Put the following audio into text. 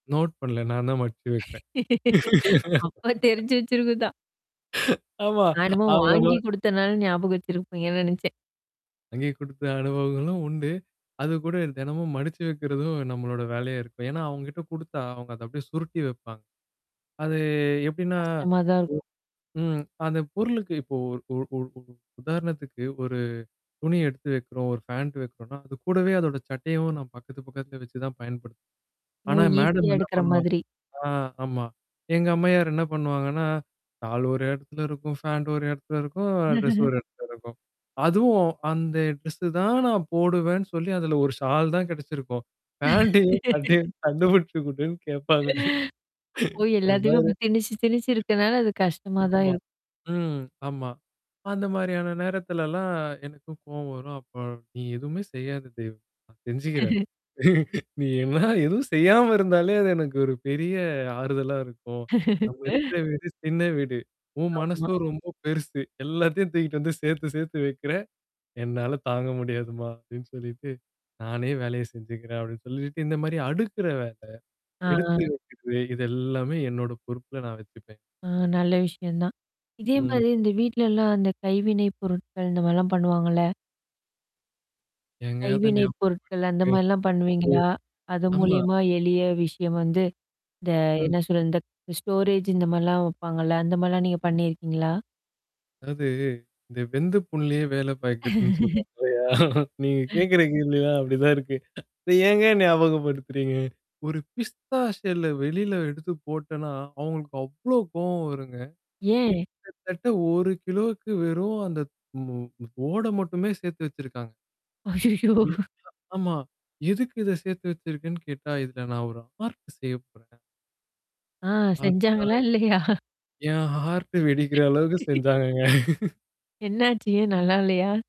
Note பண்ணல. நான் தான் மடிச்சு வைப்பன். அப்பா தெரிஞ்சு வச்சிருக்குதான். ஆமா. நான் என்னமோ அவங்க வாங்கி குடுத்தனால, ஞாபகம் வச்சிருப்பீங்கன்னு நெனைச்சேன். வாங்கி குடுத்த அனுபவங்களும் உண்டு. அது கூட தெனமும் மடிச்சு வைக்கிறதும், நம்மளோட வேலையா இருக்கும். ஏன்னா, அவங்க கிட்ட குடுத்தா, அவங்க அத அப்படியியே சுருட்டி வைப்பாங்க. அது எப்டின்னா? கஷ்டமா தான் இருக்கும். ம். அந்த பொருளுக்கு இப்போ ஒரு ஒ உ உ உதாரணத்துக்கு, ஒரு துணி எடுத்து வைக்கிறோம். ஒரு ஃபேண்ட் வைக்கிறோம்னா, அது கூடவே, அதோட சட்டையவும் நான் பக்கத்து, பக்கத்துல வச்சு தான் பயன்படுத்துவன். ஓ! ஆனா, மேடம் ஈஸியா என்ன எடுக்கற பண்ணுவாங்க மாதிரி. ஆ! ஆமா. எங்க அம்மையார் என்ன பண்ணுவாங்கன்னா? ஷால் ஒரு எடத்துல இருக்கும். ஃபாண்ட் ஒரு எடத்துல இருக்கும். ட்ரெஸ் ஒரு எடத்துல இருக்கும். அதுவும் அந்த ட்ரெஸ் தான், நான் போடுவேன்னு சொல்லி, அதுல ஒரு ஷால் தான் கெடைச்சிருக்கும். ஃபேண்ட்டும், சட்டையும் கண்டுபிடிச்சு குடுன்னு கேப்பாங்க. ஓ! என்ன எல்லாத்தையுமே ஒரு அப்ப திணிச்சு, திணிச்சு இருக்கனால அது கஷ்டமா தான் ஆமா. இருக்கும். ம். ஆமா. அந்த மாரியான நேரத்துலல்லாம், எனக்கும் கோவம் வரும். அப்ப நீ எதுவுமே செய்யாத தெய்வமே! நான் செஞ்சுக்கிறன். நீ என்ன எதுவும் செய்யாம இருந்தாலே அது எனக்கு ஒரு பெரிய ஆறுதலா இருக்கும். நம்ம இருக்கிற வீடு, சின்ன வீடு. உன் ஆமா. மனசோ ரொம்போ பெருசு. எல்லாத்தையும் தூக்கிட்டு வந்து சேத்து சேத்து வைக்கிறே! என்னால தாங்க முடியாதுமா! அப்டின்னு சொல்லிட்டு, நானே வேலைய செஞ்சுக்கிறன், அப்டின்னு சொல்லிட்டு இந்த மாரி அடுக்குற வேல, ஆஹ், எடுத்து ஹ. வைக்கிறது இத எல்லாமே என்னோட பொறுப்புல நான் வச்சுப்பன். அ நல்ல விஷயம் தான். இதே ம். மாரி, இந்த வீட்லல்லாம் அந்த கைவினை பொருட்கள் இந்த மாரிலாம் பண்ணுவாங்கல்ல? ஏங்க, அத கைவினை நியாபக பொருட்கள் அந்த படுத்துரீங்க மாரிலாம் ம். பண்ணுவீங்களா? அது ஆமா. மூலியமா எளிய விஷயம் வந்து இந்த ம். என்ன சொல்றது! இந்த ஸ்டோரேஜ் இந்த மாரிலாம் வைப்பாங்கல்ல? அந்த மாரிலாம் நீங்க பண்ணியிருக்கீங்களா? அதாது, இந்த வெந்த புண்ணுலயே வேல பாயிக்கிறதுன்னு சொல்லுவாங்க இல்லையா? நீங்க கேட்கிற கேள்விலாம், அப்படிதான் இருக்கு. அத ஏங்க ஞாபகப்படுத்துறீங்க? ஒரு பிஸ்தா ஷெல்ல வெளில எடுத்து போட்டோன்னா, அவங்களுக்கு அவ்ளோ கோவம் வருங்க. ஏன்? கிட்டத்தட்ட ஒரு கிலோக்கு வெறும் அந்த ம் மு ஓட மட்டுமே சேர்த்து வச்சிருக்காங்க. ம். ஐயையோ! ஆமா. எதுக்கு இத சேர்த்து வச்சிருக்கன்னு கேட்டா, இதில நான் ஒரு ஆர்ட் செய்ய போறேன். ஆஹ்! ஆர்ட்டா? செஞ்சாங்களா, இல்லையா? என் ஹார்ட்டு வெடிக்கிற அளவுக்கு செஞ்சாங்கங்க. என்னாச்சி? ஏன், நல்லா இல்லையா?